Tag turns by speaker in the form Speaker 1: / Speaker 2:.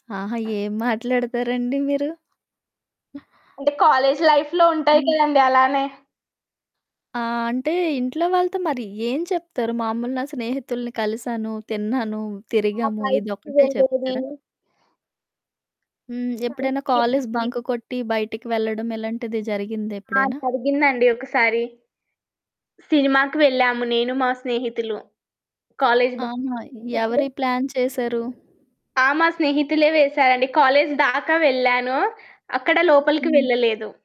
Speaker 1: ఆహా! ఏం మాట్లాడతారండి మీరు?
Speaker 2: అంటే కాలేజ్ లైఫ్‌లో ఉంటాయి
Speaker 1: హ్మ్.
Speaker 2: కదండీ! అలానే.
Speaker 1: ఆ! అంటే ఇంట్లో వాళ్ళతో మరి ఏం చెప్తారు? మామూలుగా నా స్నేహితుల్ని కలిసాను, తిన్నాను, తిరిగాము
Speaker 2: ఆ! బయటకి
Speaker 1: ఇదొక్కటే
Speaker 2: వెళ్ళేది.
Speaker 1: చెప్తారా? హ్మ్. ఎప్పుడైనా
Speaker 2: కలిసి
Speaker 1: కాలేజు
Speaker 2: తిరిగేది.
Speaker 1: బంక్ కొట్టి, బయటికి వెళ్ళడం, ఇలాంటిది
Speaker 2: ఆ!
Speaker 1: జరిగిందేప్పుడైనా?
Speaker 2: జరిగిందండి ఒకసారి. సినిమా‌కి వెళ్ళాము. నేను మా స్నేహితులు. కాలేజు బంక్
Speaker 1: ఆహా!
Speaker 2: కొట్టి
Speaker 1: ఎవరి
Speaker 2: కాలేజు
Speaker 1: ప్లాన్ చేసారు?
Speaker 2: ఆ! మా స్నేహితులే వేశారండి. కాలేజు దాకా వెళ్ళాను, అక్కడ లోపలికి
Speaker 1: హ్మ్.
Speaker 2: వెళ్ళలేదు.